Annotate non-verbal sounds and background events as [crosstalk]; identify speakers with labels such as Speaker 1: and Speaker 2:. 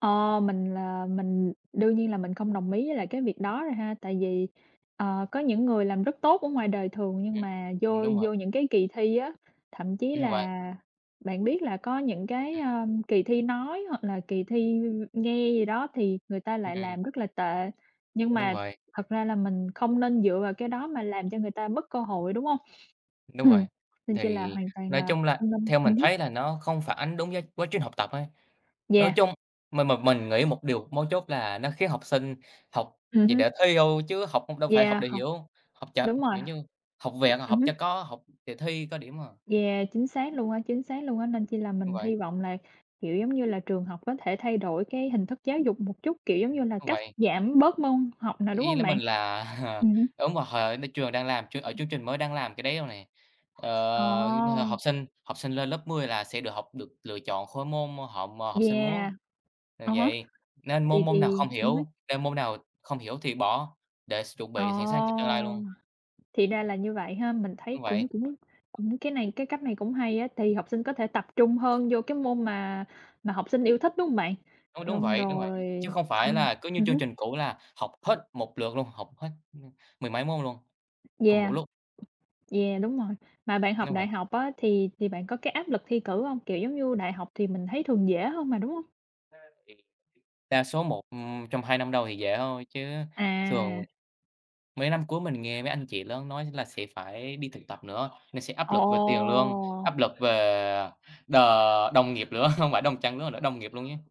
Speaker 1: Ờ, mình là mình đương nhiên là mình không đồng ý với lại cái việc đó rồi ha, tại vì, ờ, có những người làm rất tốt ở ngoài đời thường nhưng mà
Speaker 2: Ừm,
Speaker 1: vô
Speaker 2: đúng rồi.
Speaker 1: vô những cái kỳ thi á, thậm chí
Speaker 2: Đúng vậy.
Speaker 1: là bạn biết là có những cái,
Speaker 2: Ừm.
Speaker 1: à, kỳ thi nói hoặc là kỳ thi nghe gì đó thì người ta lại
Speaker 2: Ừm.
Speaker 1: làm rất là tệ. Nhưng
Speaker 2: Đúng
Speaker 1: mà
Speaker 2: vậy.
Speaker 1: thật ra là mình không nên dựa vào cái đó mà làm cho người ta mất cơ hội, đúng hông? [clears throat]
Speaker 2: Đúng
Speaker 1: Ừm,
Speaker 2: vậy,
Speaker 1: nên chi là
Speaker 2: thì
Speaker 1: hoàn toàn
Speaker 2: nói
Speaker 1: là
Speaker 2: chung là
Speaker 1: không nên
Speaker 2: theo mình
Speaker 1: ừm hứm.
Speaker 2: thấy là nó không phản ánh đúng với quá trình học tập á, nói
Speaker 1: Yeah.
Speaker 2: chung mình mà mình nghĩ một điều mấu chốt là nó khiến học sinh học
Speaker 1: Ừm
Speaker 2: chỉ
Speaker 1: hưm.
Speaker 2: để thi thôi chứ học đâu phải học
Speaker 1: Yeah,
Speaker 2: để
Speaker 1: hông,
Speaker 2: hiểu, học chệch,
Speaker 1: đúng rồi.
Speaker 2: kiểu như học vẹt,
Speaker 1: Ừm
Speaker 2: học
Speaker 1: hưm.
Speaker 2: cho có, học để thi có điểm à.
Speaker 1: Yeah, chính xác luôn á, chính xác luôn á, nên chi là
Speaker 2: Đúng
Speaker 1: mình
Speaker 2: vậy.
Speaker 1: hy vọng là, kiểu giống như là, trường học có thể thay đổi cái hình thức giáo dục một chút, kiểu giống
Speaker 2: Ừm,
Speaker 1: như là,
Speaker 2: đúng
Speaker 1: cắt
Speaker 2: vậy.
Speaker 1: giảm bớt môn học nào, đúng
Speaker 2: Ý
Speaker 1: hông
Speaker 2: là mình
Speaker 1: bạn?
Speaker 2: là [chuckles]
Speaker 1: Ừm hứm.
Speaker 2: đúng rồi, trường đang làm ch ở chương trình mới đang làm cái đấy rồi này,
Speaker 1: Ờ.
Speaker 2: ờ, học sinh học sinh lên lớp 10 là sẽ được học, được lựa chọn khối môn họ học sinh muốn,
Speaker 1: Yeah,
Speaker 2: ờ,
Speaker 1: à há,
Speaker 2: vậy nên môn
Speaker 1: thì
Speaker 2: môn nào
Speaker 1: thì
Speaker 2: không
Speaker 1: ừm hứm.
Speaker 2: hiểu nên môn nào không hiểu thì bỏ để s chuẩn
Speaker 1: Ờ,
Speaker 2: bị sẵn sàng cho tương lai luôn.
Speaker 1: thì ra là như vậy ha. Mình thấy
Speaker 2: Đúng
Speaker 1: cũng
Speaker 2: vậy.
Speaker 1: cũng cũng cái này cái cách này cũng hay á, tại vì học sinh có thể tập trung hơn vô cái môn mà mà học sinh yêu thích, đúng hông bạn?
Speaker 2: Đúng, đúng
Speaker 1: Xong
Speaker 2: vậy, đúng vậy.
Speaker 1: rồi
Speaker 2: Chứ không phải
Speaker 1: xong
Speaker 2: là cứ như
Speaker 1: ừm
Speaker 2: chương
Speaker 1: hứm.
Speaker 2: trình cũ là học hết một lượt luôn, học hết m mười mấy môn luôn cùng một
Speaker 1: Yeah,
Speaker 2: lúc.
Speaker 1: yeah, đúng rồi, mà bạn học
Speaker 2: Đúng
Speaker 1: đại
Speaker 2: vậy.
Speaker 1: học á thì thì bạn có cái áp lực thi cử hông? Kiểu giống như, đại học thì mình thấy thường dễ hơn mà, đúng hông?
Speaker 2: Ra thì đa số một trong 2 năm đầu thì dễ thôi, chứ thường
Speaker 1: À!
Speaker 2: mấy năm cuối mình nghe mấy anh chị lớn nói là sẽ phải đi thực tập nữa, nên sẽ áp
Speaker 1: Ồ!
Speaker 2: lực về tiền lương, áp lực về đ đồng nghiệp nữa, không phải đồng trang lứa nữa, đồng nghiệp luôn chứ.